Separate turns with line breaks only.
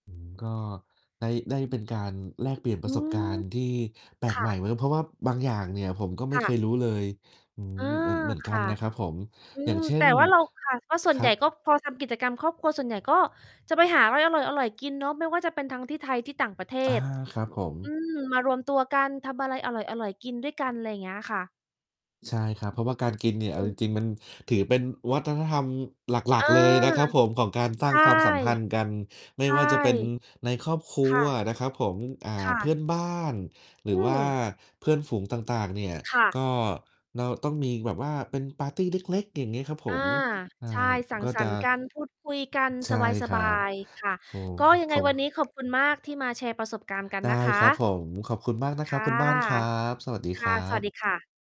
อื้อฮือ ก็ได้ ได้เป็นการแลกเปลี่ยนป
อ
ร
ื
ะสบกา
อ
รณ์ที่แปล
ค
ก
่
ใหม่เ
ะ
ลย เพราะว่าบางอย่างเนี่ยผมก็ไม
ค
่
่
เค
ะ
ยรู้เลย อื้อ
อา
ฮือ เหมือน เหมือนก
ค
ัน
่ะ
นะครับผม
อื
อย่า
ม
งเช่
แต่
น
ว่าเรา ค่ะ ก็ส่
ค
วน
ร
ใ
ั
หญ่
บ
ก็พอทำกิจกรรมครอบครัว ส่วนใหญ่ก็จะไปหาอะไรอร่อย ๆ กินเนาะ ไม่ว่าจะเป็นทั้งที่ไทย ที่ต่างประเท
อา
ศ
ครับผ
อื
ม
ม มารวมตัวกัน ทำอะไรอร่อย ๆ กินด้วยกัน ไรเงี้ยค่ะ
ใช่ครับ เพราะว่าการกินเนี่ยเอ
อ
าจ
ือ
ริง ๆ มันถือเป็นวัฒนธรรมหลั
อ
ก
า
ๆ เลยนะครับผม ของการสร้
ใ
า
ช
ง
่
ความสัมพันธ์กัน ไม
ใ
่
ช่
ว่าจะเป็นในครอบครั
ค่
ว
ะ
นะครับผม อ่า
ค่
เพื
ะ
่อนบ้าน หร
อื
ือว่า
ม
เพื่อนฝูงต่าง ๆ เนี่ย
ค่ะ
ก็เราต้องมีแบบว่าเป็นปาร์ตีเล็ก ๆ อย่างงี้ครับผ
อา
ม อ่า
ใช่ สัง
ก็
ส
จ
ร
ะ
รค์กัน พูดคุยกัน
ใช
ส
่คร
บ
ั
า
บ
ย ๆ ค่ะ
โอ้
ก็
โฮ
ยัง
เ
ไ
ข
ง
า
วันนี้ขอบคุณมากที่มาแชร์ประสบการณ์กัน
ได้
นะค
ครับ
ะ
ผม ขอบคุณมากนะ
ค
ครับ
่ะ
คุณบ้านครับ สวัสดี
ค
ค
่ะ
รั
สวั
บ
สดีค่ะ